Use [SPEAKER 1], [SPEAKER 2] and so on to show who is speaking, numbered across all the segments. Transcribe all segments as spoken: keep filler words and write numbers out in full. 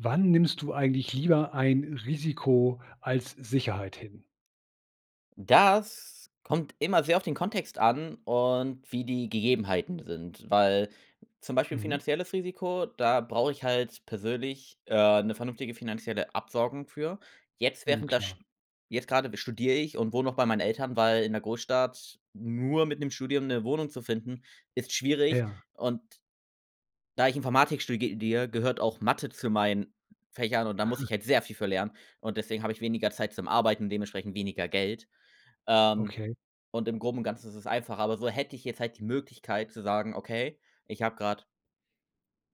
[SPEAKER 1] Wann nimmst du eigentlich lieber ein Risiko als Sicherheit hin?
[SPEAKER 2] Das kommt immer sehr auf den Kontext an und wie die Gegebenheiten sind, weil zum Beispiel
[SPEAKER 1] Mhm.
[SPEAKER 2] finanzielles Risiko, da brauche ich halt persönlich, äh, 'ne vernünftige finanzielle Absorgung für. Jetzt,
[SPEAKER 1] Mhm,
[SPEAKER 2] während das
[SPEAKER 1] klar.
[SPEAKER 2] sch jetzt grade b studiere ich und wohne noch bei meinen Eltern, weil in 'ner Großstadt nur mit 'nem Studium 'ne Wohnung zu finden, ist schwierig.
[SPEAKER 1] Ja.
[SPEAKER 2] Und da ich Informatik sturgedier gehört auch Mathe zu meinen Fächern und da muss ich halt sehr viel für lernen. Und deswegen habe ich weniger Zeit zum Arbeiten und dementsprechend weniger Geld. Ähm,
[SPEAKER 1] Okay.
[SPEAKER 2] und im Groben und Ganzen ist es einfacher, aber so hätte ich jetzt halt die Möglichkeit zu sagen: "Okay, ich habe grade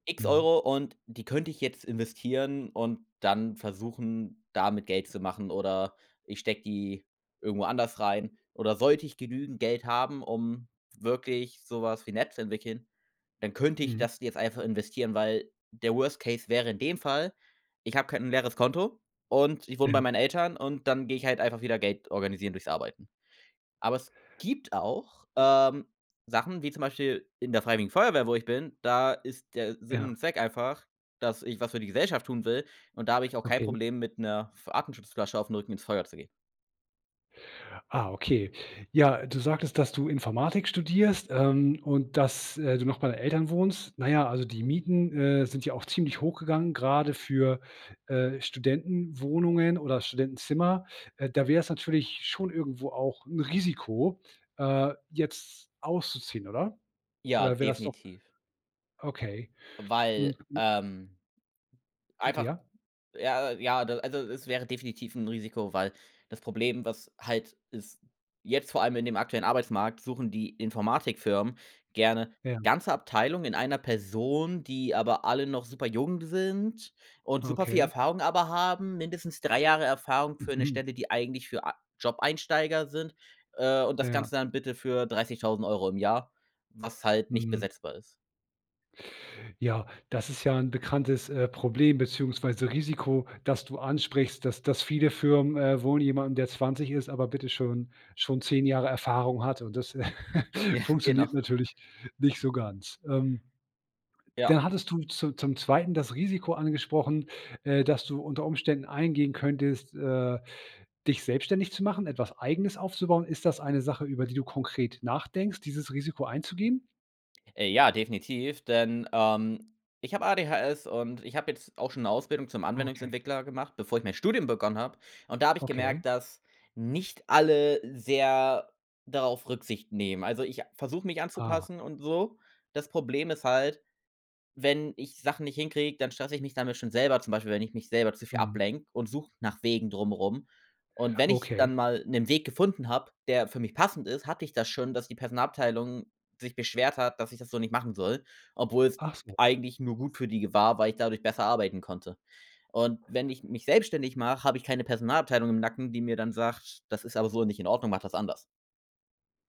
[SPEAKER 2] X
[SPEAKER 1] Mhm.
[SPEAKER 2] Euro und die könnte ich jetzt investieren, und dann versuchen, damit Geld zu machen." Oder ich stecke die irgendwo anders rein. Oder sollte ich genügend Geld haben, um wirklich so was wie 'ne App zu entwickeln, dann könnte ich
[SPEAKER 1] Mhm.
[SPEAKER 2] das jetzt einfach investieren, weil der Worst Case wäre in dem Fall, ich habe kein 'n leeres Konto und ich wohne bei
[SPEAKER 1] Ähm.
[SPEAKER 2] meinen Eltern und dann gehe ich halt einfach wieder Geld organisieren durchs Arbeiten. Aber es gibt auch, ähm, Sachen wie zum Beispiel in der freiwilligen Feuerwehr, wo ich bin, da ist der Sinn
[SPEAKER 1] Ja.
[SPEAKER 2] und Zweck einfach, dass ich was für die Gesellschaft tun will, und da habe ich auch kein
[SPEAKER 1] Okay.
[SPEAKER 2] Problem, mit 'ner Atemschutzflasche auf 'n Rücken ins Feuer zu gehen.
[SPEAKER 1] Ah, okay. Ja, du sagtest, dass du Informatik studierst, ähm, und dass, äh, du noch bei deinen Eltern wohnst. Na ja, also die Mieten, äh, sind ja auch ziemlich hochgegangen, gerade für, äh, Studentenwohnungen oder Studentenzimmer. Äh, da wär's natürlich schon irgendwo auch 'n Risiko, äh, jetzt auszuziehen, oder?
[SPEAKER 2] Ja,
[SPEAKER 1] Oder wäre das doch
[SPEAKER 2] definitiv.
[SPEAKER 1] Okay. Hm,
[SPEAKER 2] Weil,
[SPEAKER 1] m
[SPEAKER 2] ähm
[SPEAKER 1] Bitte
[SPEAKER 2] einfach
[SPEAKER 1] ja.
[SPEAKER 2] ja, ja du also, es wäre definitiv 'n Risiko, weil das Problem, was halt ist jetzt vor allem in dem aktuellen Arbeitsmarkt suchen die Informatikfirmen gerne
[SPEAKER 1] Ja.
[SPEAKER 2] ganze Abteilungen in einer Person, die aber alle noch superjung sind und superviel
[SPEAKER 1] Okay.
[SPEAKER 2] Erfahrung aber haben, mindestens drei Jahre Erfahrung für 'ne
[SPEAKER 1] Mhm.
[SPEAKER 2] Stelle, die eigentlich für a Jobeinsteiger sind, äh, und das
[SPEAKER 1] Ja.
[SPEAKER 2] Ganze dann bitte für dreißigtausend Euro im Jahr, was halt nicht
[SPEAKER 1] Mhm.
[SPEAKER 2] besetzbar ist.
[SPEAKER 1] Ja, das ist ja 'n bekanntes, äh, Problem beziehungsweise Risiko, das du ansprichst, dass das viele Firmen, äh, wohl jemandem, der zwanzig ist, aber bitte schon schon zehn Jahre Erfahrung hat und das
[SPEAKER 2] Ja, genau.
[SPEAKER 1] funktioniert natürlich nicht so ganz, ähm.
[SPEAKER 2] Ja.
[SPEAKER 1] Dann hattest du zu zum Zweiten das Risiko angesprochen, äh, dass du unter Umständen eingehen könntest äh, dich selbstständig zu machen, etwas Eigenes aufzubauen. Ist das eine Sache, über die du konkret nachdenkst, dieses Risiko einzugehen?
[SPEAKER 2] Äh, ja, definitiv, denn, ähm, ich habe ADHS und ich habe jetzt auch schon 'ne Ausbildung zum
[SPEAKER 1] Okay.
[SPEAKER 2] Anwendungsentwickler gemacht, bevor ich mein Studium begonnen habe, und da habe ich
[SPEAKER 1] Okay.
[SPEAKER 2] gemerkt, dass nicht alle sehr darauf Rücksicht nehmen. Also ich a versuche mich
[SPEAKER 1] Ah.
[SPEAKER 2] anzupassen und so. Das Problem ist halt, wenn ich Sachen nicht hinkriege, dann stresse ich mich damit schon selber zum Beispiel, wenn ich mich selber zu viel
[SPEAKER 1] Mhm.
[SPEAKER 2] ablenke und suche nach Wegen drumrum. Und wenn ich
[SPEAKER 1] Okay.
[SPEAKER 2] dann mal 'nen Weg gefunden habe, der für mich passend ist, hatte ich das schon, dass die Personalabteilung sich beschwert hat, dass ich das so nicht machen soll, obwohl's
[SPEAKER 1] Ach so.
[SPEAKER 2] eigentlich nur gut für die g war, weil ich dadurch besser arbeiten konnte. Und wenn ich mich selbstständig mache, habe ich keine Personalabteilung im Nacken, die mir dann sagt: „Das ist aber so nicht in Ordnung, mache das anders.‟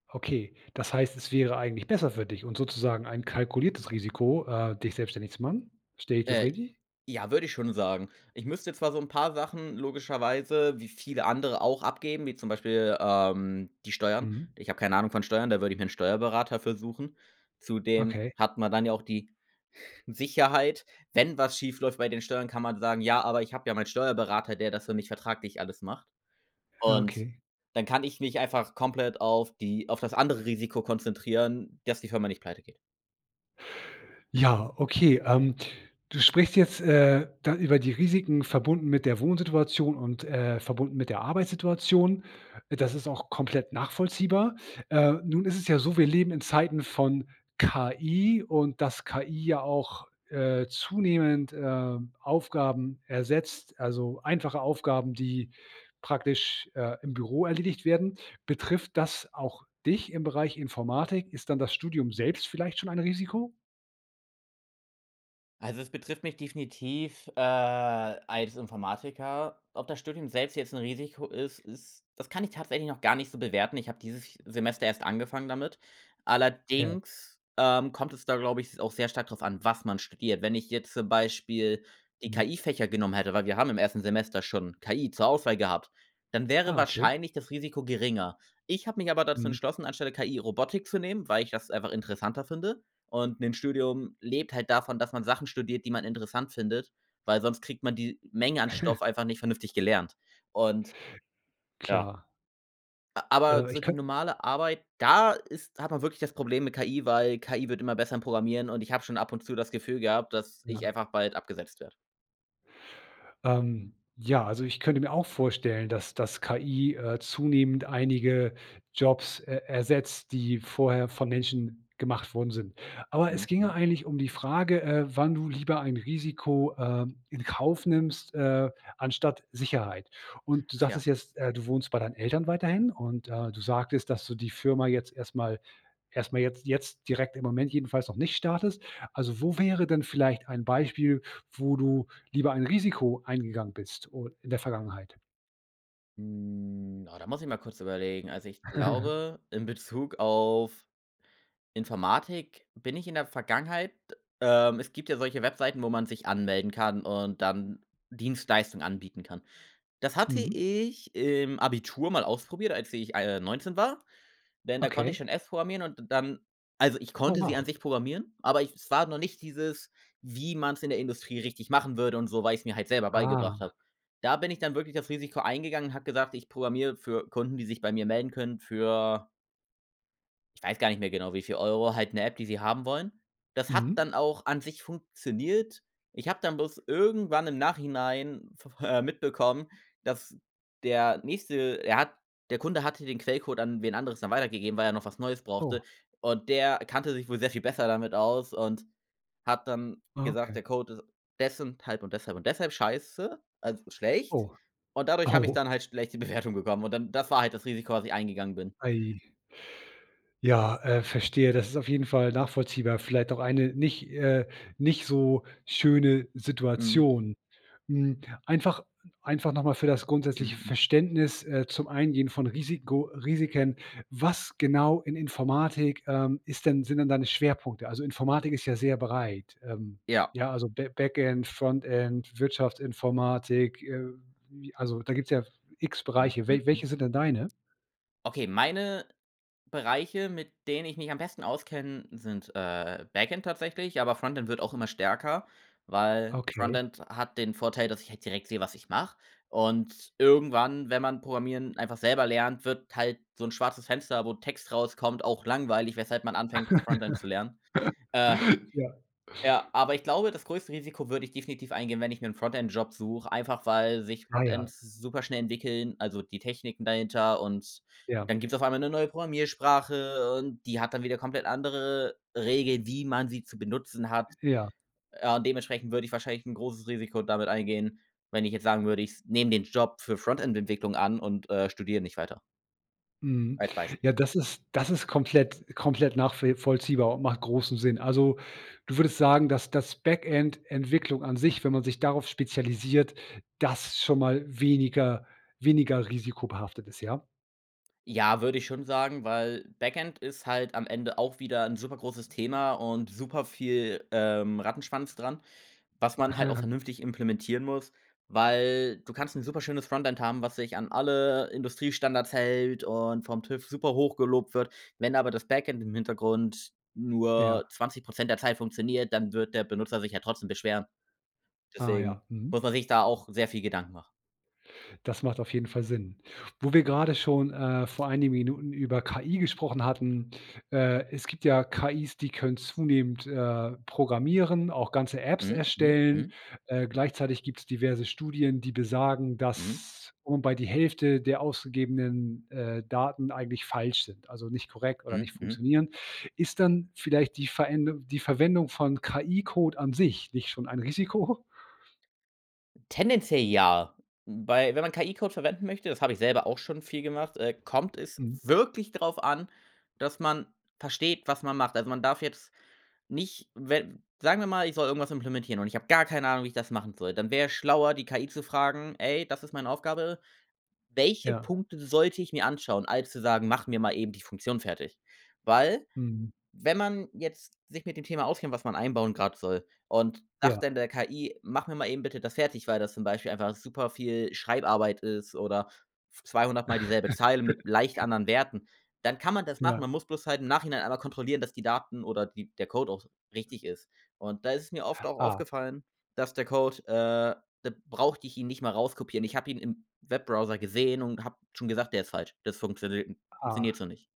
[SPEAKER 1] Okay, das heißt, es wäre eigentlich besser für dich und sozusagen ein kalkuliertes Risiko, äh, dich selbstständig zu machen. Verstehe ich das
[SPEAKER 2] Äh,
[SPEAKER 1] richtig?
[SPEAKER 2] ja, würde ich schon sagen. Ich müsste zwar so 'n paar Sachen logischerweise wie viele andere auch abgeben, wie zum Beispiel, ähm, die Steuern.
[SPEAKER 1] Mhm.
[SPEAKER 2] Ich habe keine Ahnung von Steuern, da würde ich mir 'n Steuerberater für suchen. Zudem
[SPEAKER 1] Okay.
[SPEAKER 2] hat man dann ja auch die Sicherheit, wenn was schief läuft bei den Steuern, kann man sagen: „Ja, aber ich habe ja meinen Steuerberater, der das für mich vertraglich alles macht.“
[SPEAKER 1] Ja.
[SPEAKER 2] Und
[SPEAKER 1] Okay.
[SPEAKER 2] dann kann ich mich einfach komplett auf die auf das andere Risiko konzentrieren, dass die Firma nicht pleite geht.
[SPEAKER 1] Ja, okay. Ähm, du sprichst jetzt, äh, da über die Risiken verbunden mit der Wohnsituation und, äh, verbunden mit der Arbeitssituation. Das ist auch komplett nachvollziehbar. Äh, nun ist es ja so, wir leben in Zeiten von KI und dass KI ja auch, äh, zunehmend, äh, Aufgaben ersetzt, also einfache Aufgaben, die praktisch, äh, im Büro erledigt werden. Betrifft das auch dich im Bereich Informatik? Ist dann das Studium selbst vielleicht schon ein Risiko?
[SPEAKER 2] Also, es betrifft mich definitiv, äh, als Informatiker. Ob das Studium selbst jetzt 'n Risiko ist ist, das kann ich tatsächlich noch gar nicht so bewerten. Ich habe dieses Semester erst angefangen damit.
[SPEAKER 1] Ja.
[SPEAKER 2] Allerdings, ähm, kommt es da, glaube ich, auch sehr stark drauf an, was man studiert. Wenn ich jetzt zum Beispiel die
[SPEAKER 1] Mhm.
[SPEAKER 2] KI-Fächer genommen hätte, weil wir haben im ersten Semester schon KI zur Auswahl gehabt, dann wäre
[SPEAKER 1] Ah, okay.
[SPEAKER 2] wahrscheinlich das Risiko geringer. Ich habe mich aber dazu
[SPEAKER 1] Mhm.
[SPEAKER 2] entschlossen, anstelle KI Robotik zu nehmen, weil ich das einfach interessanter finde. Und, ‘n Studium lebt halt davon, dass man Sachen studiert, die man interessant findet, weil sonst kriegt man die Menge an Stoff einfach nicht vernünftig gelernt und ja.
[SPEAKER 1] Klar.
[SPEAKER 2] A aber
[SPEAKER 1] Äh,
[SPEAKER 2] so
[SPEAKER 1] ich
[SPEAKER 2] die
[SPEAKER 1] könnt
[SPEAKER 2] normale Arbeit, da ist hat man wirklich das Problem mit KI, weil KI wird immer besser im Programmieren und ich habe schon ab und zu das Gefühl gehabt, dass ich
[SPEAKER 1] Ja.
[SPEAKER 2] einfach bald abgesetzt werde.
[SPEAKER 1] Ähm, ja. Also, ich könnte mir auch vorstellen, dass dass KI, äh, zunehmend einige Jobs er ersetzt, die vorher von Menschen gemacht worden sind. Aber es
[SPEAKER 2] Mhm,
[SPEAKER 1] ginge
[SPEAKER 2] mhm.
[SPEAKER 1] eigentlich um die Frage, äh, wann du lieber ein Risiko, äh, in Kauf nimmst, äh, anstatt Sicherheit. Und, du
[SPEAKER 2] Ach ja.
[SPEAKER 1] sagtest jetzt, äh, du wohnst bei deinen Eltern weiterhin und, äh, du sagtest, dass du die Firma jetzt erst mal erst mal jetzt jetzt direkt im Moment jedenfalls noch nicht startest. Also, wo wäre denn vielleicht ein Beispiel, wo du lieber ein Risiko eingegangen bist o in der Vergangenheit?
[SPEAKER 2] Hm. Oh, da muss ich mal kurz überlegen. Also, ich glaube, in Bezug auf Informatik bin ich in der Vergangenheit ähm, es gibt ja solche Webseiten, wo man sich anmelden kann und dann Dienstleistungen anbieten kann. Das hatte
[SPEAKER 1] Mhm.
[SPEAKER 2] ich im Abitur mal ausprobiert, als ich, ah, äh, neunzehn war, denn da konnte ich
[SPEAKER 1] Okay.
[SPEAKER 2] schon S programmieren und dann also ich
[SPEAKER 1] Oh,
[SPEAKER 2] konnte sie an
[SPEAKER 1] wow.
[SPEAKER 2] sich programmieren, aber ich es war noch nicht dieses, wie man's in der Industrie richtig machen würde und so, weil ich's mir halt selber beigebracht
[SPEAKER 1] Ah.
[SPEAKER 2] habe. Da bin ich dann wirklich das Risiko eingegangen und habe gesagt: „Ich programmiere für Kunden, die sich bei mir melden können für‟ weiß gar nicht mehr genau, wie viel Euro halt 'ne App, die sie haben wollen. Das hat dann
[SPEAKER 1] Mhm.
[SPEAKER 2] auch an sich funktioniert. Ich habe dann bloß irgendwann im Nachhinein v äh, mitbekommen, dass der nächste er hat der Kunde hatte den Quellcode an wen anderes dann weitergegeben, weil er noch was Neues brauchte.
[SPEAKER 1] Oh.
[SPEAKER 2] Und der kannte sich wohl sehr viel besser damit aus und hat dann
[SPEAKER 1] Ah,
[SPEAKER 2] gesagt: „Der
[SPEAKER 1] okay.
[SPEAKER 2] Code ist des und halb und deshalb und deshalb scheiße“, also schlecht,
[SPEAKER 1] Oh.
[SPEAKER 2] und dadurch habe ich
[SPEAKER 1] Oh.
[SPEAKER 2] dann halt schlechte Bewertungen bekommen und dann das war halt das Risiko, was ich eingegangen bin.
[SPEAKER 1] Ai. Ja, äh, verstehe. Das ist auf jeden Fall nachvollziehbar. Vielleicht auch eine nicht äh, nicht so schöne
[SPEAKER 2] Mhm.
[SPEAKER 1] Situation. Hm, einfach einfach noch mal für das grundsätzliche
[SPEAKER 2] Mhm.
[SPEAKER 1] Verständnis, äh, zum Eingehen von Risiko Risiken: Was genau in Informatik, ähm, ist denn sind denn deine Schwerpunkte? Also Informatik ist ja sehr breit. Ähm,
[SPEAKER 2] Ja.
[SPEAKER 1] ja, also Ba Backend, Frontend, Wirtschaftsinformatik. Äh, wie also da gibt's ja x
[SPEAKER 2] Hm.
[SPEAKER 1] Bereiche.
[SPEAKER 2] Hm.
[SPEAKER 1] We welche
[SPEAKER 2] Hm.
[SPEAKER 1] sind denn deine?
[SPEAKER 2] Okay, meine Bereiche, mit denen ich mich am besten auskenne, sind, äh, Backend tatsächlich, aber Frontend wird auch immer stärker, weil
[SPEAKER 1] Okay.
[SPEAKER 2] Frontend hat den Vorteil, dass ich halt direkt sehe, was ich mache. Und irgendwann, wenn man Programmieren einfach selber lernt, wird halt so 'n schwarzes Fenster, wo Text rauskommt, auch langweilig, weshalb man anfängt, Frontend zu lernen. Äh,
[SPEAKER 1] Ja.
[SPEAKER 2] ja, aber ich glaube, das größte Risiko würde ich definitiv eingehen, wenn ich mir 'n Frontend-Job suche, einfach weil sich
[SPEAKER 1] Ah,
[SPEAKER 2] Frontend
[SPEAKER 1] ja.
[SPEAKER 2] s superschnell entwickeln also die Techniken dahinter. Und
[SPEAKER 1] Ja.
[SPEAKER 2] dann gibt's auf einmal 'ne neue Programmiersprache und die hat dann wieder komplett andere Regeln, wie man sie zu benutzen hat.
[SPEAKER 1] Ja.
[SPEAKER 2] Ja, und dementsprechend würde ich wahrscheinlich 'n großes Risiko damit eingehen, wenn ich jetzt sagen würde, ich nehme den Job für Frontend-Entwicklung an und, äh, studiere nicht weiter.
[SPEAKER 1] Mhm.
[SPEAKER 2] Als Beisp
[SPEAKER 1] Ja, das ist das ist komplett komplett nachvi vollziehbar und macht großen Sinn. Also du würdest sagen, dass dass Backend-Entwicklung an sich wenn man sich darauf spezialisiert, das schon mal weniger weniger risikobehaftet ist, ja?
[SPEAKER 2] Ja, würde ich schon sagen, weil Backend ist halt am Ende auch wieder 'n super großes Thema und super viel, ähm, Rattenschwanz dran, was man halt auch vernünftig implementieren muss, weil du kannst 'n superschönes Frontend haben, was sich an alle Industriestandards hält und vom TÜV super hoch gelobt wird. Wenn aber das Backend im Hintergrund
[SPEAKER 1] Ja.
[SPEAKER 2] nur zwanzig Prozent der Zeit funktioniert, dann wird der Benutzer sich ja trotzdem beschweren.
[SPEAKER 1] Ah,
[SPEAKER 2] Deswegen
[SPEAKER 1] ja. Mhm.
[SPEAKER 2] muss man sich da auch sehr viel Gedanken machen.
[SPEAKER 1] Das macht auf jeden Fall Sinn. Wo wir grade schon, äh, vor einigen Minuten über KI gesprochen hatten äh, es gibt ja KIs, die können zunehmend, äh, programmieren, auch ganze Apps
[SPEAKER 2] Mhm. Mhm.
[SPEAKER 1] erstellen.
[SPEAKER 2] Mhm.
[SPEAKER 1] Äh, gleichzeitig gibt's diverse Studien, die besagen,
[SPEAKER 2] Mhm.
[SPEAKER 1] dass wobei die Hälfte der ausgegebenen, äh, Daten eigentlich falsch sind, also nicht korrekt oder nicht
[SPEAKER 2] Mhm. Mhm.
[SPEAKER 1] funktionieren. Ist dann vielleicht die Verendung die Verwendung von KI-Code an sich nicht schon ein Risiko?
[SPEAKER 2] Tendenziell ja. Wobei, wenn man KI-Code verwenden möchte das habe ich selber auch schon viel gemacht, äh, kommt es
[SPEAKER 1] Mhm.
[SPEAKER 2] wirklich drauf an, dass man versteht, was man macht. Also, man darf jetzt nicht, wenn sagen wir mal, ich soll irgendwas implementieren und ich habe gar keine Ahnung, wie ich das machen soll. Dann wär es schlauer, die KI zu fragen: „Ey, das ist meine Aufgabe. Welche
[SPEAKER 1] Ja.
[SPEAKER 2] Punkte sollte ich mir anschauen?‟ als zu sagen: „Mach mir mal eben die Funktion fertig.‟ Weil,
[SPEAKER 1] Mhm.
[SPEAKER 2] wenn man jetzt sich mit dem Thema auskennt, was man einbauen grad soll, und sagt
[SPEAKER 1] Ja.
[SPEAKER 2] dann der KI: „Mach mir mal eben bitte das fertig.‟, weil das zum Beispiel einfach super viel Schreibarbeit ist oder zweihundert Mal dieselbe Zeile mit leicht anderen Werten, dann kann man das machen.
[SPEAKER 1] Ja.
[SPEAKER 2] Man muss bloß halt im Nachhinein einmal kontrollieren, dass die Daten oder die der Code auch richtig ist. Und da ist mir oft auch
[SPEAKER 1] Ah.
[SPEAKER 2] aufgefallen, dass der Code äh, da brauchte ich ihn nicht mal rauskopieren. Ich habe ihn im Webbrowser gesehen und habe schon gesagt: „Der ist falsch, das funktioniert funktioniert
[SPEAKER 1] Ah.
[SPEAKER 2] so nicht.‟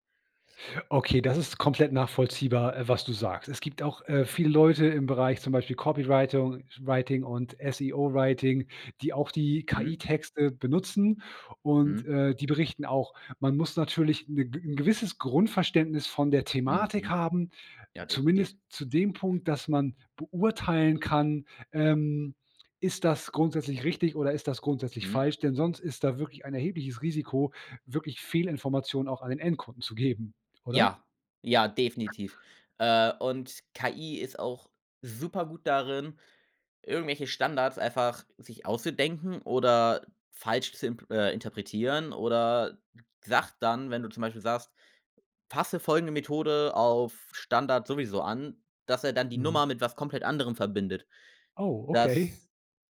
[SPEAKER 1] Okay, das ist komplett nachvollziehbar, äh, was du sagst. Es gibt auch, äh, viele Leute im Bereich, zum Beispiel Copywritung writing und SEO-Writing, die auch die
[SPEAKER 2] Mhm.
[SPEAKER 1] KI-Texte benutzen und,
[SPEAKER 2] Mhm.
[SPEAKER 1] äh, die berichten auch, man muss natürlich 'n 'n gewisses Grundverständnis von der
[SPEAKER 2] Mhm.
[SPEAKER 1] Thematik
[SPEAKER 2] Mhm.
[SPEAKER 1] haben,
[SPEAKER 2] Ja, definitiv.
[SPEAKER 1] zumindest zu dem Punkt, dass man beurteilen kann, ähm, ist das grundsätzlich richtig oder ist das grundsätzlich
[SPEAKER 2] Mhm.
[SPEAKER 1] falsch. Denn sonst ist da wirklich ein erhebliches Risiko, wirklich Fehlinformationen auch an den Endkunden zu geben, oder?
[SPEAKER 2] Ja, ja,
[SPEAKER 1] [unintelligible]
[SPEAKER 2] definitiv. Äh, und KI ist auch super gut darin, irgendwelche Standards einfach sich auszudenken oder falsch zu impl äh, interpretieren oder sagt dann, wenn du zum Beispiel sagst: „Fasse folgende Methode auf Standard sowieso an“, dass er dann die
[SPEAKER 1] Mhm.
[SPEAKER 2] Nummer mit was komplett anderem verbindet.
[SPEAKER 1] Oh, okay.
[SPEAKER 2] Das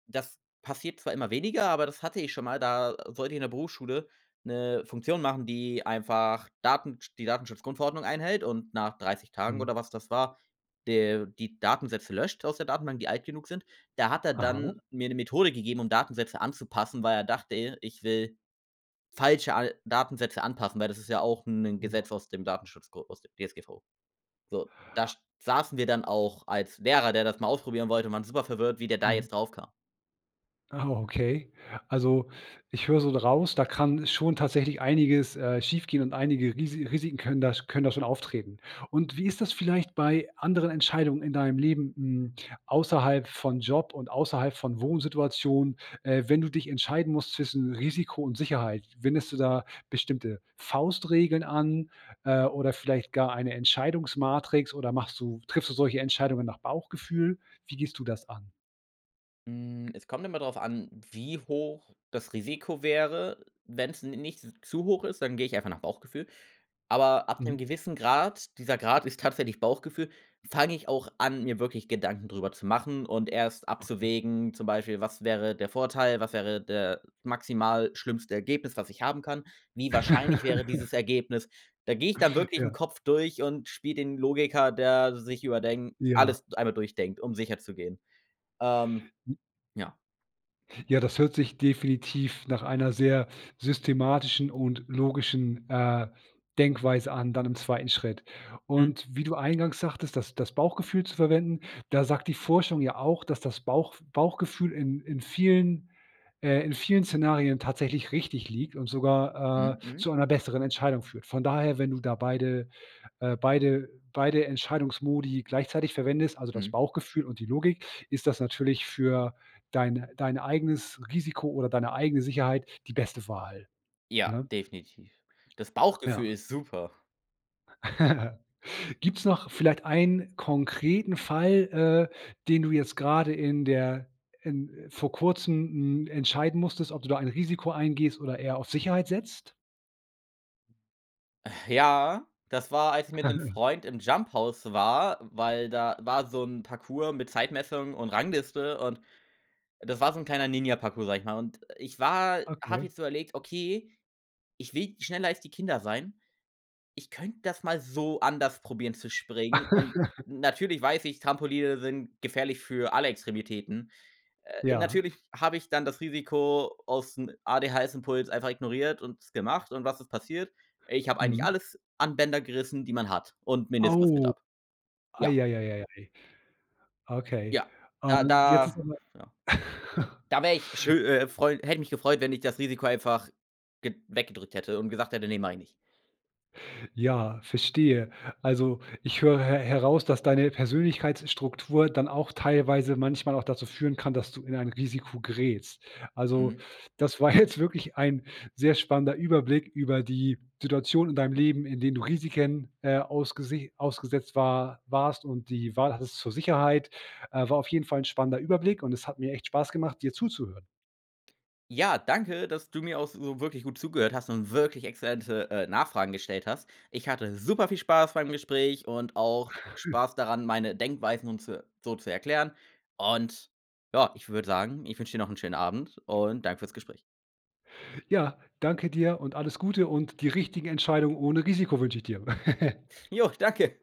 [SPEAKER 2] das passiert zwar immer weniger, aber das hatte ich schon mal. Da sollte ich in der Berufsschule 'ne Funktion machen, die einfach Datensch die Datenschutzgrundverordnung einhält und nach dreißig Tagen
[SPEAKER 1] Mhm.
[SPEAKER 2] oder was das war, de die Datensätze löscht aus der Datenbank, die alt genug sind. Da hat er
[SPEAKER 1] Aha.
[SPEAKER 2] dann mir 'ne Methode gegeben, um Datensätze anzupassen, weil er dachte, ich will falsche al Datensätze anpassen, weil das ist ja auch 'n
[SPEAKER 1] [unintelligible]
[SPEAKER 2] Gesetz aus dem Datenschutzgo aus dem DSGVO. So, da st saßen wir dann auch als Lehrer, der das mal ausprobieren wollte, und waren super verwirrt, wie der da
[SPEAKER 1] Mhm.
[SPEAKER 2] jetzt drauf kam.
[SPEAKER 1] Ah, okay. Also, ich höre so raus, da kann schon tatsächlich einiges, äh, schiefgehen und einige Risi Risiken können da sch können da schon auftreten. Und wie ist das vielleicht bei anderen Entscheidungen in deinem Leben, hm, außerhalb von Job und außerhalb von Wohnsituation, äh, wenn du dich entscheiden musst zwischen Risiko und Sicherheit? Wendest du da bestimmte Faustregeln an, äh, oder vielleicht gar eine Entscheidungsmatrix oder machst du triffst du solche Entscheidungen nach Bauchgefühl? Wie gehst du das an?
[SPEAKER 2] Hm, es kommt immer drauf an, wie hoch das Risiko wäre. Wenn's n nicht z zu hoch ist, dann gehe ich einfach nach Bauchgefühl. Aber ab 'nem
[SPEAKER 1] Mhm.
[SPEAKER 2] gewissen Grad, dieser Grad ist tatsächlich Bauchgefühl, fange ich auch an, mir wirklich Gedanken drüber zu machen und erst
[SPEAKER 1] Ach ja.
[SPEAKER 2] abzuwägen, zum Beispiel was wäre der Vorteil, was wäre der maximal schlimmste Ergebnis, was ich haben kann? Wie wahrscheinlich wäre dieses Ergebnis? Da gehe ich dann wirklich im
[SPEAKER 1] Ja.
[SPEAKER 2] Kopf durch und spiele den Logiker, der sich überdenk
[SPEAKER 1] Ja.
[SPEAKER 2] alles einmal durchdenkt, um sicher zu gehen. Ähm,
[SPEAKER 1] [unintelligible]
[SPEAKER 2] ja.
[SPEAKER 1] Ja, das hört sich definitiv nach einer sehr systematischen und logischen, äh, Denkweise an, dann im zweiten Schritt.
[SPEAKER 2] Mhm.
[SPEAKER 1] Und wie du eingangs sagtest, das das Bauchgefühl zu verwenden, da sagt die Forschung ja auch, dass das Bauchf Bauchgefühl in in vielen äh, in vielen Szenarien tatsächlich richtig liegt und sogar,
[SPEAKER 2] Mhm.
[SPEAKER 1] äh,
[SPEAKER 2] Mhm.
[SPEAKER 1] zu einer besseren Entscheidung führt. Von daher, wenn du da beide äh, beide beide Entscheidungsmodi gleichzeitig verwendest, also das
[SPEAKER 2] Mhm.
[SPEAKER 1] Bauchgefühl und die Logik, ist das natürlich für deine dein eigenes Risiko oder deine eigene Sicherheit die beste Wahl,
[SPEAKER 2] Ja,
[SPEAKER 1] ne?
[SPEAKER 2] definitiv. Das Bauchgefühl
[SPEAKER 1] Ja.
[SPEAKER 2] ist super.
[SPEAKER 1] Gibt's noch vielleicht einen konkreten Fall, äh, den du jetzt gerade in der in vor Kurzem, h m, entscheiden musstest, ob du da ein Risiko eingehst oder eher auf Sicherheit setzt?
[SPEAKER 2] Ja, das war, als ich mit 'nem Freund im Jumphouse war, weil da war so 'n Parkour mit Zeitmessung und Rangliste und das war so 'n kleiner Ninja Parcour, sage ich mal. Und, ich war habe
[SPEAKER 1] Okay.
[SPEAKER 2] jetzt überlegt: „Okay, ich will schneller als die Kinder sein. Ich könnte das mal so anders probieren, zu springen,“ und natürlich weiß ich, Trampoline sind gefährlich für alle Extremitäten. Äh,
[SPEAKER 1] Ja.
[SPEAKER 2] natürlich habe ich dann das Risiko aus 'n ADHS-Impuls einfach ignoriert und es gemacht, und was ist passiert? Ich habe eigentlich
[SPEAKER 1] Mhm.
[SPEAKER 2] alles an Bänder gerissen, die man hat und Meniskus mit
[SPEAKER 1] Au.
[SPEAKER 2] ab. Ja.
[SPEAKER 1] Ei, ei, ei, ei, ei. Okay,
[SPEAKER 2] Ja,
[SPEAKER 1] ah,
[SPEAKER 2] da
[SPEAKER 1] jetzt ist
[SPEAKER 2] da,
[SPEAKER 1] noch mal
[SPEAKER 2] ja. Da wäre ich schö äh, freu hätte mich gefreut, wenn ich das Risiko einfach ge weggedrückt hätte und gesagt hätte: „Ne, mache ich nicht“.
[SPEAKER 1] Ja, verstehe. Also, ich höre he heraus, dass deine Persönlichkeitsstruktur dann auch teilweise manchmal auch dazu führen kann, dass du in ein Risiko gerätst. Also,
[SPEAKER 2] Mhm.
[SPEAKER 1] das war jetzt wirklich ein sehr spannender Überblick über die Situation in deinem Leben, in denen du Risiken, äh, ausgese ausgesetzt war warst und die Wahl hattest zur Sicherheit, äh, war auf jeden Fall 'n spannender Überblick und es hat mir echt Spaß gemacht, dir zuzuhören.
[SPEAKER 2] Ja, danke, dass du mir auch so wirklich gut zugehört hast und wirklich exzellente, äh, Nachfragen gestellt hast. Ich hatte superviel Spaß beim Gespräch und auch Spaß daran, meine Denkweisen und zo so zu erklären. Und ja, ich würde sagen, ich wünsche dir noch 'n schönen Abend und danke für's Gespräch.
[SPEAKER 1] Ja, danke dir und alles Gute und die richtigen Entscheidung ohne Risiko wünsche ich dir.
[SPEAKER 2] Jo, danke.